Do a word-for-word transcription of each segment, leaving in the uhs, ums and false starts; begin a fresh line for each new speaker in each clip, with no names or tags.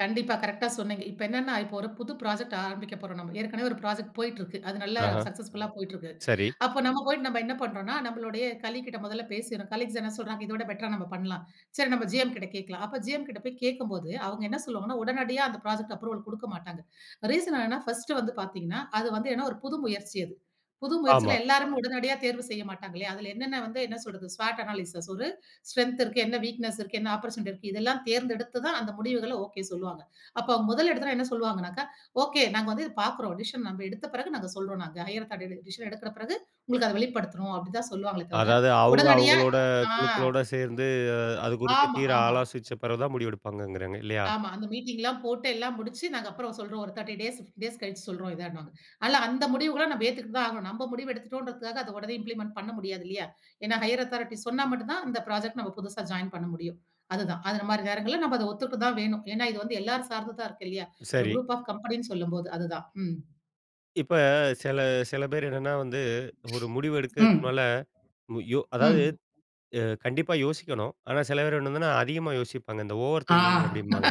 கண்டிப்பா. கரெக்ட்டா சொன்னிங்க. இப்போ என்னென்னா இப்போ ஒரு புது ப்ராஜெக்ட் ஆரம்பிக்க போறோம் நம்ம. ஏற்கனவே ஒரு ப்ராஜெக்ட் போயிட்டு இருக்கு அது நல்லா
ஆஹ.
சக்சஸ்ஃபுல்லா போய்ட்டிருக்கு.
சரி.
அப்போ நம்ம போயிட்டு நம்ம என்ன பண்ணுறோம்ன்னா நம்மளுடைய கலீக்கிட்ட முதல்ல பேசிறோம் கலீக்ஸ் என்ன சொல்றாங்க இத விட பெட்டரா நம்ம பண்ணலாம். சரி நம்ம ஜிஎம் கிட்ட கேட்கலாம் அப்போ ஜிஎம் கிட்ட போய் கேட்கும்போது அவங்க என்ன சொல்லுவாங்கன்னா உடனடியா அந்த அப்ரூவல ப்ராஜெக்ட் கொடுக்க மாட்டாங்க. ரீசன் என்னென்னா ஃபர்ஸ்ட்டு வந்து பார்த்தீங்கன்னா அது வந்து என்னா ஒரு புது முயற்சி அது. புது முயற்சில
ஆமா.
எல்லாருமே உடனடியா தேர்வு செய்ய மாட்டாங்கில்லையா. அதில என்னென்ன வந்து என்ன சொல்ற்து ஸ்வாட் அனாலிசிஸ் ஒரு ஸ்ட்ரெங்த் இருக்கு, என்ன வீக்னெஸ் இருக்கு, என்ன அப்போர்ட்யூனிட்டி இருக்கு. இதெல்லாம் தேர்ந்தெடுத்து தான் அந்த முடிவுகள ஓகே சொல்லுவாங்க. அப்ப முதல் எடுத்தொன என்ன சொல்வாங்கனாக்க ஓகே நாங்க வந்து இத பாக்கிறோம். டிசிஷன் நாம எடுத்த பிறகு நாங்க சொல்றோம் நாங்க. ஹையர் ஆதாரிட்டி டிசிஷன் எடுக்கிற பிறகு உங்களுக்கு அத வெளிப்படுத்துறோம் அப்டி தான் சொல்லுவாங்களே தவிர,
அதாது அவுங்க
உடனடியா
அவுங்களோட
ஆங்
குழுக்களோட சேர்ந்து அ அது குறித்து
ஆமா,
தீர
ஆமா.
ஆலோசிச்ச பிறகுதான் முடிவு எடுப்பாங்கங்குறாங்க இல்லயா?
ஆமா. அந்த மீட்டிங்லாம் போட்டு எல்லாம் முடிச்சு நாங்க அப்புறம் சொல்றோம். ஒரு முப்பது டேஸ், பிப்டீன் டேஸ் கழிச்சு சொல்றோம் இதனுவாங்க. அல்ல அந்த முடிவுகள நம்ம ஏத்துக்கிட்டு தான் ஆகணும். நம்ம முடிவு எடுத்துட்டோம்ங்கறதுக்காக அத உடனே இம்ப்ளிமெண்ட் பண்ண முடியாது இல்லயா. ஏன்னா ஹையர் அதாரிட்டி சொன்னா மட்டும் தான் அந்த புராஜெக்ட் நம்ம புதுசா ஜாயின் பண்ண முடியும். அதுதான் அந்த மாரி நேரங்கள்ல நம்ம அத ஒத்துக்கிட்ட தான் வேணும். ஏன்னா இது வந்து எல்லாரும் சார்ந்ததா இருக்கு இல்லயா. ஒரு
சரி.
குரூப் ஆஃப் கம்பெனினு சொல்லும்போது அதுதான். ம்.
இப்ப சில சில பேர் என்னன்னா வந்து ஒரு முடிவு எடுக்கிறதுக்கு
ம்.
மேல யோ அதாது
ம்.
அ கண்டிப்பா யோசிக்கணும். ஆனா சில பேர் என்னதுன்னா அதிகமா யோசிப்பாங்க. இந்த ஓவர்
ஆ
திங்கிங் அப்டிம்பாங்க,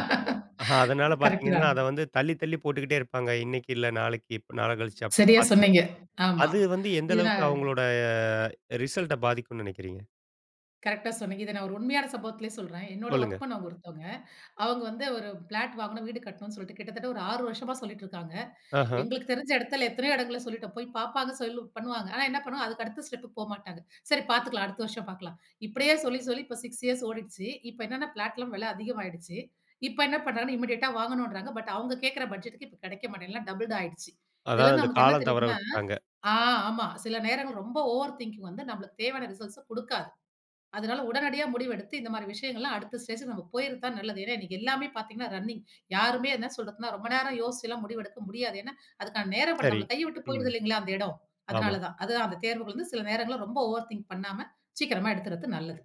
அதனால
கரெக்ட்
பார்த்தீங்கன்னா,
தான்.
அத வந்து தள்ளி தள்ளி போட்டுக்கிட்டே இருப்பாங்க. இன்னக்கு இல்ல, நாளைக்கு நாள கழிச்சு அப்டின்னு
சரியா
பார்த்துட்டு
சொன்னீங்க. ஆமா.
அது வந்து எந்த
இத
அளவுக்கு
நான்
அவுங்களோட அ ரிசல்ட பாதிக்கும்னு நினக்கிறீங்க?
கரெக்ட்டா சொன்னீங்க. இத நான் ஒரு உண்மையான சம்பவத்திலேயே சொல்றேன். என்னோட வொர்க்
சொல்லுங்க.
பண்ணவங்க ஒருத்தவங்க. அவங்க வந்து ஒரு பிளாட் வாங்கணும், வீடு கட்டணும்னு சொல்லிட்டு கிட்டத்தட்ட ஒரு ஆறு வருஷமா சொல்லிட்டு இருக்காங்க.
ஆஹ.
எங்களுக்கு தெரிந்த இடத்தில எத்தனயோ இடங்களில சொல்லிவிட்டோம் போய் பார்ப்பாங்க சொல்லி பண்ணுவாங்க. ஆனா என்ன பண்ணுவாங்க அதுக்கு அடுத்த ஸ்டெப்க்கு போகமாட்டாங்க. சரி பார்த்துக்கள்ளலாம். அடுத்த வருஷம் பார்க்கலாம். இப்படியே சொல்லி சொல்லி இப்ப சிக்ஸ் ஏர்ஸ் ஓடிடுச்சு. இப்போ என்னென்ன பிளாட்லாம் வில அதிகமாிகிட்டுச்சு. இப்ப என்ன பண்ணுறாங்க னா இமிடியேட்டா வாங்கணும்ங்கிறாங்க. பட் அவங்க கேட்கிற பட்ஜெட்க்கு இப்போ கிடைக்க மாட்டேங்குது. எல்லாம் டபிள்டு ஆயடுச்சு. இதில
அதாது அந்த
நமக்கு என்ன
காலம் தவற
தெரியுதுனா
விட்டுட்டாங்க.
ஆ ஆமா. சில நேரங்கள் ரொம்ப ஓவர் திங்கிங் வந்து நம்பளுக்கு தேவையான ரிசல்ட்ஸ குடுக்காது. அதனால உடனடியா முடிவெடுத்து இந்த மாரி விஷயங்கள்லாம் அடுத்த ஸ்டேஜ்க்கு நம்ம போய்றது தான் நல்லது. ஏன்னா இன்னைக்கு எல்லாமே பார்த்தீங்கன்னா ரன்னிங் யாருமே என்ன சொல்றதுன்னா ரொம்ப நேரம் யோசிச்சுலாம் முடிவெடுக்க முடியாது. ஏன்னா அதுக்கான நேர படம்
சரி.
நம்மள கையை விட்டு
ம்.
போயிடுது இல்லங்களா அந்த இடம்.
ஆமா.
அதனால தான் அதுதான் அந்த தேர்வுகள் வந்து சில நேரங்கள்ல ரொம்ப ஓவர் திங்க் பண்ணாம சீக்கிரமா எடுத்துறது நல்லது.